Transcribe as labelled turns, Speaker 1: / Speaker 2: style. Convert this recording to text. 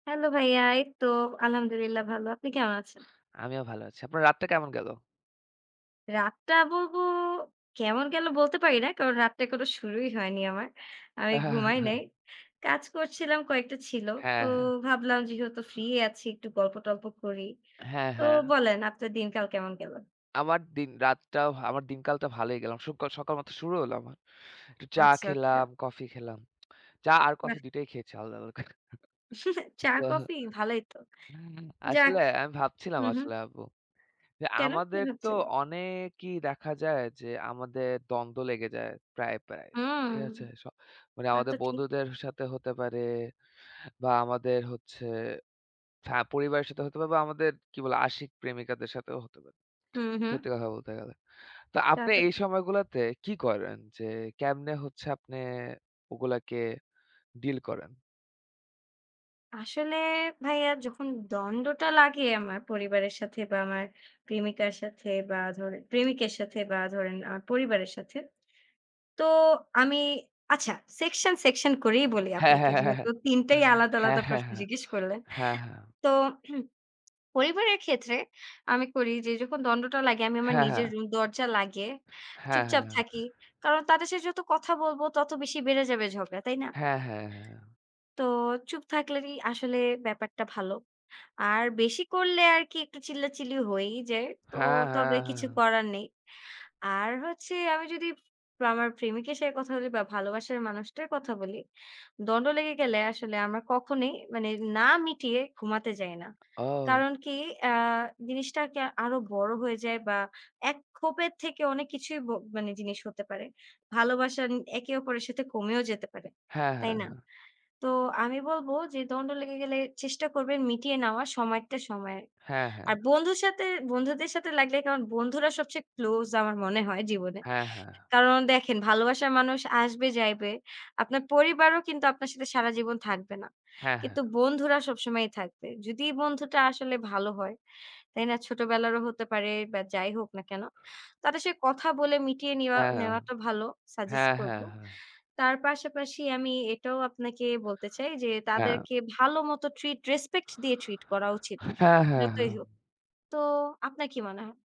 Speaker 1: Hello ভাইয়া, এই তো আলহামদুলিল্লাহ ভালো। আপনি কেমন আছেন?
Speaker 2: আমিও ভালো আছি। আপনার রাতটা কেমন গেল?
Speaker 1: রাতটা বলবো, কেমন গেল বলতে পারি না। কারণ রাতটা এখনও শুরুই হয়নি আমার। আমি
Speaker 2: হ্যাঁ, হ্যাঁ, হ্যাঁ।
Speaker 1: ঘুমাই
Speaker 2: হ্যাঁ।
Speaker 1: নাই। কাজ করছিলাম, কয়েকটা ছিল। তো
Speaker 2: হ্যাঁ, হ্যাঁ।
Speaker 1: ভাবলাম যেহেতু ফ্রি আছি, একটু গল্প-টল্প করি।
Speaker 2: হ্যাঁ,
Speaker 1: তো
Speaker 2: হ্যাঁ।
Speaker 1: বলেন আপনার দিনকাল কেমন গেল?
Speaker 2: আমার দিন রাতটাও আমার দিনকালটা ভালই গেলাম। সুকাল সকাল মাত্র শুরু হলো আমার। একটু চা
Speaker 1: আচ্ছা, আচ্ছা।
Speaker 2: খেলাম, কফি খেলাম। চা আর কফি
Speaker 1: বাহ!
Speaker 2: দুইটাই খেয়েছি আলাদা-আলাদা করে। তো
Speaker 1: চা-কফি? ভালোই তো! যাক।
Speaker 2: আসলে আমি ভাবছিলাম
Speaker 1: হুম, হু।
Speaker 2: আসলে আপু। যে
Speaker 1: কেন? কি
Speaker 2: আমাদের তো
Speaker 1: ভাবছিলেন?
Speaker 2: অনেকই দেখা যায় যে, আমাদের দ্বন্দ্ব লেগে যায় প্রায়, প্রায়।
Speaker 1: হুম।
Speaker 2: ঠিক আছে? স মানে
Speaker 1: তা
Speaker 2: আমাদের
Speaker 1: তো ঠিক।
Speaker 2: বন্ধুদের সাথে হতে পারে বা আমাদের হচ্ছে হ্যাঁ, পরিবারের সাথে হতে পারে বা আমাদের কি বলে? আশিক, প্রেমিকাদের সাথেও হতে পারে।
Speaker 1: হুম, হু।
Speaker 2: সত্যি কথা বলতে গেলে। তো
Speaker 1: তা
Speaker 2: আপনি
Speaker 1: তো
Speaker 2: এই সময়গুলাতে কি করেন যে, কেমনে হচ্ছে আপনি ওগুলাকে ডিল করেন?
Speaker 1: আসলে ভাইয়া যখন দ্বন্দ্বটা লাগে আমার, পরিবারের সাথে বা আমার প্রেমিকার সাথে বা ধরেন, প্রেমিকের সাথে বা ধরেন আমার পরিবারের সাথে। তো আমি আচ্ছা, সেকশন, সেকশন করেই বলি
Speaker 2: হ্যাঁ,
Speaker 1: আপনাকে,
Speaker 2: হ্যাঁ, হ্যাঁ,
Speaker 1: যেহেতু ৩ টাই আলাদা,
Speaker 2: হ্যাঁ,
Speaker 1: আলাদা প্রশ্ন
Speaker 2: হ্যাঁ।
Speaker 1: জিজ্ঞেস করলেন।
Speaker 2: হ্যাঁ, হ্যাঁ, হ্যাঁ। হ্যাঁ, হ্যাঁ।
Speaker 1: তো পরিবারের ক্ষেত্রে আমি করি যে যখন দ্বন্দ্বটা লাগে, আমি আমার
Speaker 2: হ্যাঁ,
Speaker 1: নিজের
Speaker 2: হ্যাঁ।
Speaker 1: রুম দরজা লাগিয়ে,
Speaker 2: হ্যাঁ, হ্যাঁ,
Speaker 1: চুপচাপ
Speaker 2: হ্যাঁ।
Speaker 1: থাকি। কারণ তাদের সাথে যত কথা বলব, তত বেশি বেড়ে যাবে ঝগড়া। তাই না?
Speaker 2: হ্যাঁ, হ্যাঁ, হ্যাঁ।
Speaker 1: তো চুপ থাকলেই আসলে ব্যাপারটা ভালো। আর বেশি করলে আরকি একটু চিল্লাচিল্লি হয়েই যায়। তো
Speaker 2: হ্যাঁ,
Speaker 1: তবে
Speaker 2: হ্যাঁ,
Speaker 1: কিছু
Speaker 2: হ্যাঁ।
Speaker 1: করার নেই। আর হচ্ছে আমি যদি আমার প্রেমিকের সাথে কথা বলি বা ভালোবাসার মানুষটার কথা বলি, দ্বন্দ্ব লেগে গেলে আসলে আমরা কখনোই মানে, না মিটিয়ে ঘুমাতে যাই না।
Speaker 2: ও!
Speaker 1: কারণ কি? অ্যা জিনিসটাকে আরো বড় হয়ে যায় বা এক ক্ষোভের থেকে অনেক কিছুই ব মানে জিনিস হতে পারে। ভালোবাসা ন একে অপরের সাথে কমেও যেতে পারে।
Speaker 2: হ্যাঁ,
Speaker 1: তাই
Speaker 2: হ্যাঁ,
Speaker 1: না?
Speaker 2: হ্যাঁ।
Speaker 1: তো আমি বলব যে দ্বন্দ্ব লেগে গেলে, চেষ্টা করবেন মিটিয়ে নেওয়ার সময়েরটা সময়ে।
Speaker 2: হ্যাঁ, হ্যাঁ।
Speaker 1: আর বন্ধুর সাথে, বন্ধুদের সাথে লাগলে, কারন বন্ধুরা সবচেয়ে ক্লোজ আমার মনে হয় জীবনে।
Speaker 2: হ্যাঁ, হ্যাঁ।
Speaker 1: কারণ দেখেন ভালোবাসার মানুষ আসবে যাইবে। আপনার পরিবারও কিন্তু আপনার সাথে সারা জীবন থাকবে না।
Speaker 2: হ্যাঁ, হ্যাঁ।
Speaker 1: কিন্তু বন্ধুরা সবসময়ই থাকবে। যদি বন্ধুটা আসলে ভালো হয়, তাই না? ছোটবেলারও হতে পারে বা যাই হোক না কেন? তাদের সাথে কথা বলে মিটিয়ে নিওয়া
Speaker 2: হ্যাঁ, হ্যাঁ।
Speaker 1: নেওয়াটা ভালো, সাজেস্ট
Speaker 2: হ্যাঁ,
Speaker 1: করব।
Speaker 2: হ্যাঁ, হ্যাঁ।
Speaker 1: তার পাশাপাশি আমি এটাও আপনাকে বলতে চাই যে,
Speaker 2: হ্যাঁ।
Speaker 1: তাদেরকে ভালো মতো ট্রিট রেসপেক্ট দিয়ে ট্রিট করা উচিত।
Speaker 2: হ্যাঁ, হ্যাঁ,
Speaker 1: যতই হোক।
Speaker 2: হ্যাঁ।
Speaker 1: তো আপনার কি মনে হয়?